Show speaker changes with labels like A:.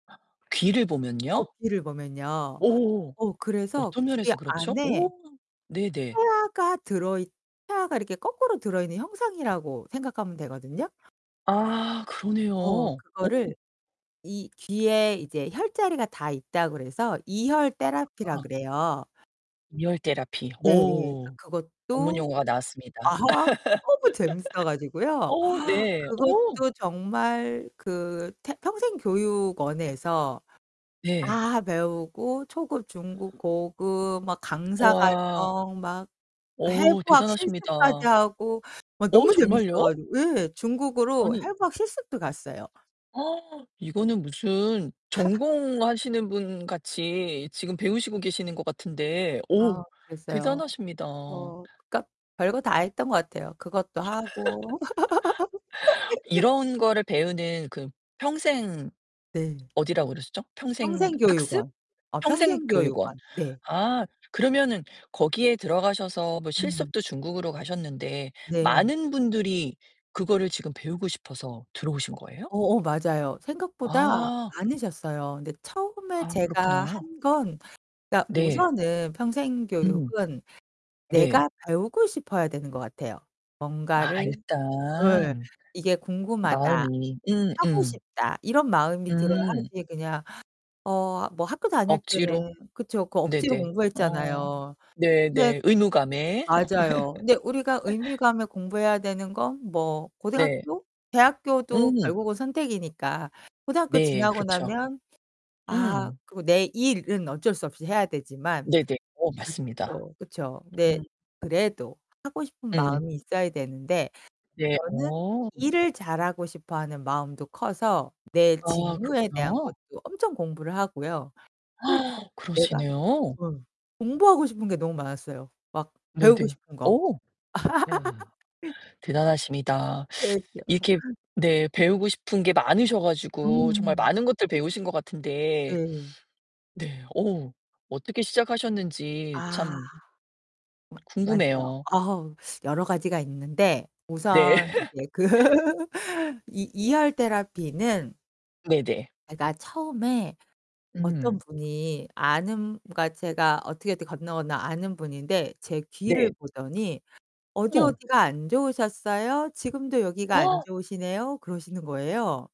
A: 귀를
B: 어
A: 보면요?
B: 귀를 보면요.
A: 오,
B: 어 그래서
A: 어떤
B: 귀
A: 면에서 그렇죠?
B: 안에.
A: 오 네네.
B: 태아 가 들어 있 태아가 거꾸로 들어 있는 형상이라고 생각하면 되거든요
A: 아 그러네요.
B: 어
A: 어.
B: 그거를 이 뒤에 이제 혈자리가 다 있다 그래서 이혈 테라피라
A: 어.
B: 그래요.
A: 리얼 테라피
B: 네. 예 그니까
A: 오 전문
B: 그것도
A: 용어가 나왔습니다.
B: 아 너무 재밌어 가지고요.
A: 어 네, 어.
B: 그것도 정말 그 테 평생교육원에서
A: 네.
B: 다 배우고 초급, 중급, 고급, 막 강사
A: 와.
B: 과정, 막
A: 오
B: 해부학 실습까지
A: 대단하십니다.
B: 하고 막
A: 어
B: 너무 재밌어
A: 정말요?
B: 가지고 예, 중국으로
A: 아니
B: 해부학 실습도 갔어요.
A: 어 이거는 무슨 전공하시는 분 같이 지금 배우시고 계시는 것 같은데
B: 아
A: 오
B: 그랬어요.
A: 대단하십니다.
B: 어 그니까 별거 다 했던 거 같아요. 그것도 하고.
A: 이런 거를 배우는 그 평생
B: 네.
A: 어디라고 그러셨죠? 평생 학습?
B: 평생교육원. 어
A: 평생 교육원.
B: 평생교육원. 네.
A: 아 그러면은 거기에 들어가셔서 뭐
B: 음.
A: 실습도 중국으로 가셨는데
B: 네.
A: 많은 분들이 그거를 지금 배우고 싶어서 들어오신 거예요?
B: 어 어 맞아요. 생각보다
A: 아.
B: 많으셨어요. 근데 처음에
A: 아,
B: 제가
A: 그렇구나.
B: 한 건 그러니까
A: 네.
B: 우선은 평생
A: 음.
B: 교육은
A: 네.
B: 내가 배우고 싶어야 되는 것 같아요. 뭔가를
A: 아
B: 예.
A: 일단
B: '이게 궁금하다.
A: 마음이 음
B: 하고
A: 음.
B: 싶다.' 이런 마음이 들어야
A: 음.
B: 하지 그냥. 어 뭐 학교 다닐 때는
A: 억지로
B: 그렇죠. 그 억지로
A: 네네. 어
B: 공부했잖아요. 근데
A: 네네 의무감에.
B: 맞아요. 근데 우리가 의미감에 공부해야 되는 건 뭐
A: 네.
B: 고등학교? 대학교도
A: 음.
B: 결국은 선택이니까. 고등학교
A: 네.
B: 지나고
A: 그렇죠.
B: 나면 아
A: 음.
B: 그리고 내 일은 어쩔 수 없이 해야 되지만
A: 네네 어 맞습니다.
B: 또 그렇죠. 네.
A: 음.
B: 그래도 하고 싶은
A: 음.
B: 마음이 있어야 되는데.
A: 네.
B: 저는
A: 어.
B: 일을 잘하고 싶어 하는 마음도 커서 내
A: 아,
B: 직무에 대한
A: 그렇구나.
B: 것도 엄청 공부를 하고요. 또 내가
A: 그러시네요.
B: 어 공부하고 싶은 게 너무 많았어요. 막 배우고
A: 네네.
B: 싶은
A: 어.
B: 거.
A: 와 대단하십니다. 이렇게
B: [unintelligible]
A: 네, 배우고 싶은 게 많으셔 가지고 정말
B: 음
A: 많은 것들을 배우신 것 같은데
B: 네.
A: 네, 어우 어떻게 시작하셨는지
B: 아.
A: 참
B: 마 맞죠.
A: 궁금해요.
B: 어우 여러 가지가 있는데.
A: 네.
B: 우선 이제 그 이 이혈 테라피는
A: 네네.
B: 제가 처음에 어떤
A: 음.
B: 분이 아는 그러니까 제가 어떻게, 어떻게 건너건너 아는 분인데 제 귀를
A: 네.
B: 보더니
A: 어.
B: '어디어디가 안 좋으셨어요? 지금도 여기가 안 좋으시네요.' 그러시는 거예요.